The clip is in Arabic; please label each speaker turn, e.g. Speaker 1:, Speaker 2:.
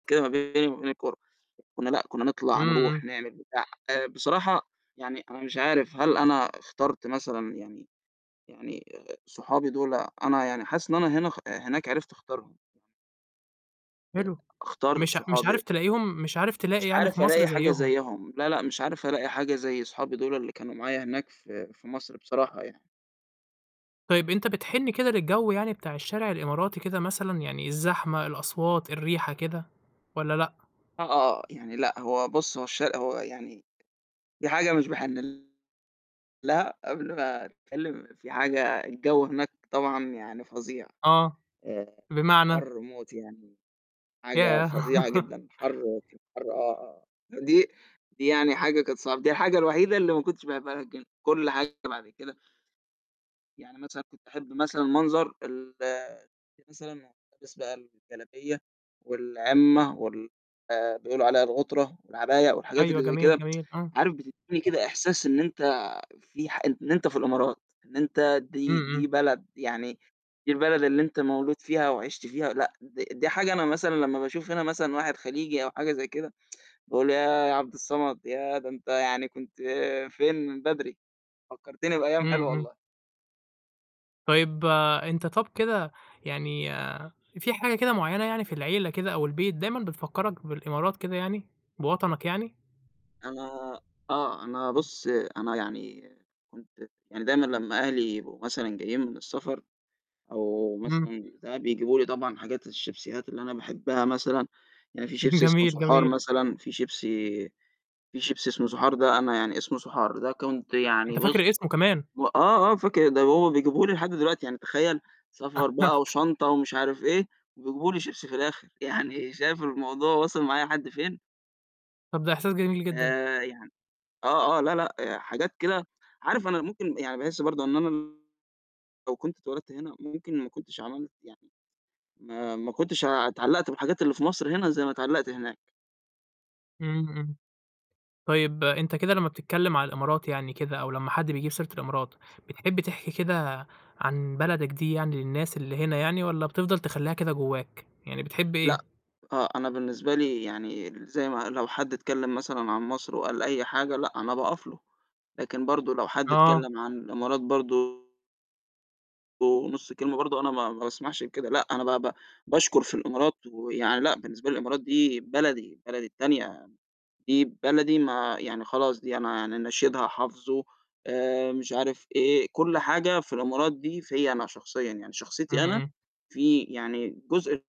Speaker 1: كده ما بيني وما بين الكورة. كنا لأ، كنا نطلَع
Speaker 2: إمم،
Speaker 1: نرُوح
Speaker 2: إمم.
Speaker 1: نعمل بتاع، بصراحة يعني أنا مش عارف هل أنا اخترت مثلًا يعني يعني صحابي دُول أنا يعني حاسس إن أنا هنا اخ هناك عرِفت اختارهم. آآ،
Speaker 2: حلو.
Speaker 1: أختار
Speaker 2: مش مش
Speaker 1: صحابي
Speaker 2: عارف تلاقيهم، مش عارف
Speaker 1: مش
Speaker 2: تلاقي يعني في
Speaker 1: عارف
Speaker 2: مَصر
Speaker 1: ألاقي حاجة
Speaker 2: زيهم.
Speaker 1: زَيهم، لأ، لأ، مش عارف ألاقي حاجة زي أصحابي دُول اللي كانوا معايا هناك في في مَصر بصراحة يعني.
Speaker 2: طيب أنت بتحن كده للجو يعني بتاع الشارع الإماراتي كده مثلًا، يعني الزحمة، الأصوات، الريحة، كده والَّا لأ؟
Speaker 1: آه، آه، آه. يعني لأ هو بُصّ، هو الش هو يعني في حاجة مش باحِن لها قبل ما أتكلم في حاجة الجو هناك طبعًا يعني فظيع،
Speaker 2: آه،
Speaker 1: آآ،
Speaker 2: بمعنى؟
Speaker 1: حَرّ موت يعني، حاجة
Speaker 2: ياه!
Speaker 1: فظيعة جدًا، حَرّ رهيب حَرّ آه، آه. دي دي يعني حاجة كانت صعبة، دي الحاجة الوحيدة اللي ما كنتش [unintelligible] كُلّ حاجة بعد كده يعني مثلًا كنت أحب مثلًا منظر ال [unintelligible] مثلًا ألبس بقى الجلابية والعِمّة وال بيقولوا عليها الغُترة والعباية والحاجات
Speaker 2: أيوه،
Speaker 1: اللي زَي
Speaker 2: جميل،
Speaker 1: كده،
Speaker 2: جميل، آه.
Speaker 1: عارف بتديني كده إحساس إن أنت فيه ح إن أنت في الإمارات، إن أنت
Speaker 2: إمم،
Speaker 1: دي دي
Speaker 2: إمم.
Speaker 1: بلد يعني دي البلد اللي أنت مولود فيها وعِشت فيها لأ، د دي حاجة أنا مثلًا لمّا باشوف هنا مثلًا واحد خليجي أو حاجة زي كده، باقول ياه يا عبد الصمد! ياه ده أنت يعني كنت فين من بدري؟ فكّرتني بأيام
Speaker 2: إمم،
Speaker 1: حلوة
Speaker 2: إمم.
Speaker 1: والله.
Speaker 2: طيب، أنت طَب كده يعني في حاجة كده معيّنة يعني في العيلة كده أو البيت دايمًا بتفكّرك بالإمارات كده يعني، بوطنك يعني؟
Speaker 1: أنا آه. أنا بُصّ، أنا يعني كنت يعني دايمًا لمّا أهلي يبقوا مثلًا جايين من السفر أو
Speaker 2: إمم.
Speaker 1: مثلًا ساعات بيجيبوا لي طبعًا حاجات الشيبسيات اللي أنا باحبها مثلًا، يعني فيه شيبسي اسمه
Speaker 2: جميل،
Speaker 1: صُحار
Speaker 2: جميل.
Speaker 1: مثلًا، في شيبسي في شيبسي اسمه صُحار ده أنا يعني اسمه صُحار. ده كنت
Speaker 2: أنت
Speaker 1: يعني بُصّ،
Speaker 2: فاكر اسمه كمان.
Speaker 1: م آه، آه فاكر، ده هو بيجيبه لي لحد دلوقتي، يعني تخيَّل سفر بقى وشنطة ومش عارف إيه وبيجيبوا لي شيبسي في الآخر، يعني شايف الموضوع واصل معايا لحد فين؟!
Speaker 2: طَب ده إحساس جميل جدًا.
Speaker 1: آآ، يعني آه، آه، لا، لأ حاجات كده، عارف أنا ممكن يعني باحس برضه إن أنا لو كنت اتولدت هنا ممكن ما كنتش عملت يعني ما ما كنتش اتعلّقت بالحاجات اللي في مَصر هنا زَي ما اتعلقت هناك.
Speaker 2: إمم، إمم. طيب أنت كده لمّا بتتكلم على الإمارات يعني كده، أو لمّا حد بيجيب سيرة الإمارات، بتحب تحكي كده عن بلدك دي يعني للناس اللي هنا يعني، والَّا بتفضَل تخلّيها كده جواك، يعني بتحب
Speaker 1: لأ.
Speaker 2: إيه؟
Speaker 1: آه، أنا بالنسبة لي يعني زي ما لو حد اتكلم مثلًا عن مَصر وقال أي حاجة لأ أنا باقف له، لكن برضه لو حد
Speaker 2: آه.
Speaker 1: اتكلم عن الإمارات برضه نُصّ كلمة برضه أنا ما ما باسمحش بكده. لأ، أنا ب ب باشكر في الإمارات ويعني لأ بالنسبة لي الإمارات دي بلدي، بلدي التانية، دي بلدي ما يعني خلاص دي أنا يعني نشيدها حافظُه آآ، مش عارف إيه، كُلّ حاجة في الإمارات دي فيَّ أنا شخصيًا، يعني شخصيتي أنا
Speaker 2: اهم.
Speaker 1: في يعني جزء